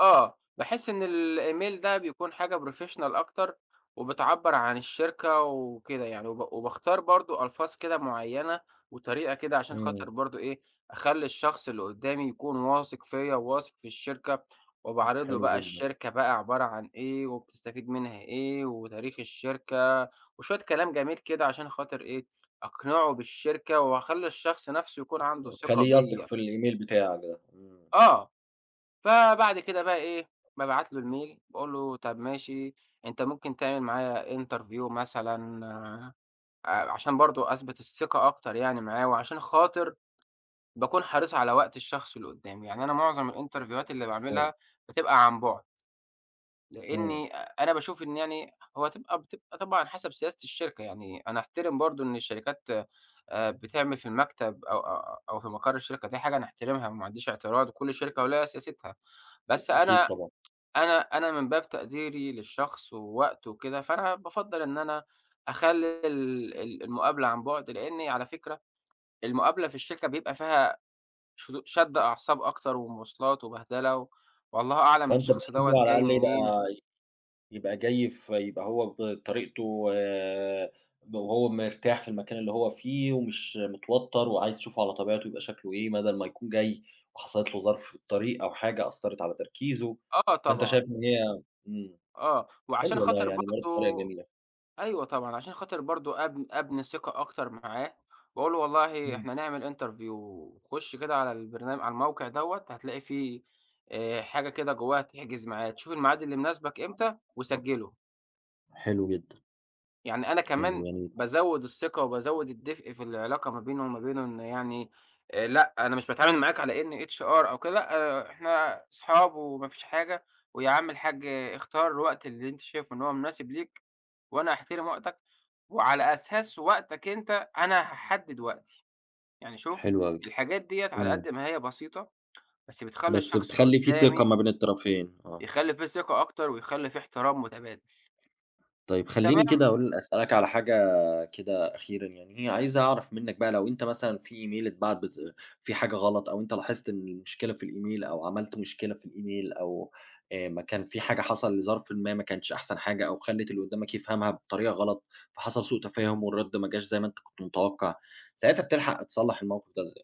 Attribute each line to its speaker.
Speaker 1: آه، باحس إن الإيميل ده بيكون حاجة Professional أكتر، وبتعبر عن الشركة وكده يعني. وب وباختار برضه ألفاظ كده معيّنة وطريقة كده عشان
Speaker 2: إمم.
Speaker 1: خاطر برضو إيه، أخلي الشخص اللي قدّامي يكون واثق فيَّ، وواثق في الشركة. وباعرض له
Speaker 2: حلو
Speaker 1: بقى
Speaker 2: جدًا.
Speaker 1: الشركة عبارة عن إيه، وبتستفيد منها إيه، وتاريخ الشركة، وشوية كلام جميل كده عشان خاطر إيه؟ أقنعه بالشركة، وأخلي الشخص نفسه يكون عنده ثقة
Speaker 2: تخليه يثق
Speaker 1: بيَّ.
Speaker 2: في الإيميل بتاعك ده. إمم.
Speaker 1: آه، فبعد كده بقى إيه، بابعت له الMail باقول له طب ماشي، أنت ممكن تعمل معايا Interview مثلًا، ع عشان برضه أثبت الثقة أكتر يعني معاه، وعشان خاطر باكون حريص على وقت الشخص اللي قدّامي، يعني أنا معظم الإنترفيوهات اللي
Speaker 2: اتفضل.
Speaker 1: باعملها بتبقى عن بُعد،
Speaker 2: إمم.
Speaker 1: لأني أنا باشوف إن يعني هو تبقى بتبقى طبعًا حسب سياسة الشركة يعني، أنا أحترم برضه إن الشركات بتعمل في المكتب أ أ أو في مقر الشركة، دي حاجة نحترمها وما عنديش اعتراض، وكل شركة وليها سياستها، بس
Speaker 2: أكيد
Speaker 1: أنا
Speaker 2: طبعًا.
Speaker 1: أنا أنا من باب تقديري للشخص ووقته وكده، فأنا بافضل إن أنا أخلي ال ال المقابلة عن بُعد، لأني- على فكرة- المقابلة في الشركة بيبقى فيها شـُ شد أعصاب أكتر، ومواصلات وبهدلة، والله أعلم
Speaker 2: فأنت
Speaker 1: الشخص
Speaker 2: بتحب
Speaker 1: دَوَّة
Speaker 2: على
Speaker 1: جاي
Speaker 2: الأقل إيه يبقى
Speaker 1: منين.
Speaker 2: يبقى جاي ف يبقى هو بطريقته، و وهو مرتاح في المكان اللي هو فيه ومش متوتّر، وعايز تشوفه على طبيعته، يبقى شكله إيه، بدل ما يكون جاي وحصلت له ظرف في الطريق أو حاجة أثرت على تركيزه.
Speaker 1: آه،
Speaker 2: فأنت
Speaker 1: طبعًا
Speaker 2: شايف إن هي إمم،
Speaker 1: آه، وعشان
Speaker 2: حلو والله
Speaker 1: خاطر
Speaker 2: يعني برضه طريقة
Speaker 1: برضه
Speaker 2: جميلة.
Speaker 1: أيوه طبعًا، عشان خاطر برضه أب أبني ثقة أكتر معاه، وأقول له والله
Speaker 2: إمم.
Speaker 1: إحنا نعمل Interview خش كده على البرن على الموقع دَوَّة، هتلاقي في حاجة كده جواها تحجز ميعاد، شوف الميعاد اللي مُناسبِك إمتى، وسجِّله.
Speaker 2: حلو جدًا.
Speaker 1: يعني أنا
Speaker 2: حلو،
Speaker 1: كمان
Speaker 2: جميل.
Speaker 1: بازود الثِّقة وبازود الدفء في العلاقة ما بيني وما بينه، إن يعني: لأ، أنا مش باتعامل معاك على إني HR أو كده، لأ إحنا اصحاب وما فيش حاجة، ويا عم الحاج، اختار الوقت اللي أنت شايفه إن هو مُناسِب ليك، وأنا أحترم وقتك، وعلى أساس وقتك أنت أنا هاحدد وقتي. يعني شوف
Speaker 2: حلو أوي،
Speaker 1: الحاجات ديَّة على
Speaker 2: إمم.
Speaker 1: قد ما هي بسيطة، بس بتخلّي
Speaker 2: بس
Speaker 1: الشخص اللي
Speaker 2: بتخلي في ثقة
Speaker 1: قدّامي
Speaker 2: ما بين الطرفين، آه.
Speaker 1: يخلي في ثقة أكتر، ويخلي فيه احترام مُتبادل.
Speaker 2: طيب خلّيني
Speaker 1: تمام؟
Speaker 2: كده أقول أسألك على حاجة كده أخيرًا يعني، هي عايز أعرف منّك بقى لو أنت مثلًا في إيميل اتبعت ب في حاجة غلط، أو أنت لاحظت إن المشكلة في الإيميل أو عملت مشكلة في الإيميل أو مكان في حاجة حصل ظرف ما، ما كانتش أحسن حاجة، أو خلت اللي قدّامك يفهمها بطريقة غلط، فحصل سوء تفاهم، والرد ما جاش زي ما أنت كنت متوقّع، ساعتها بتلحق تصلّح الموقف ده إزاي؟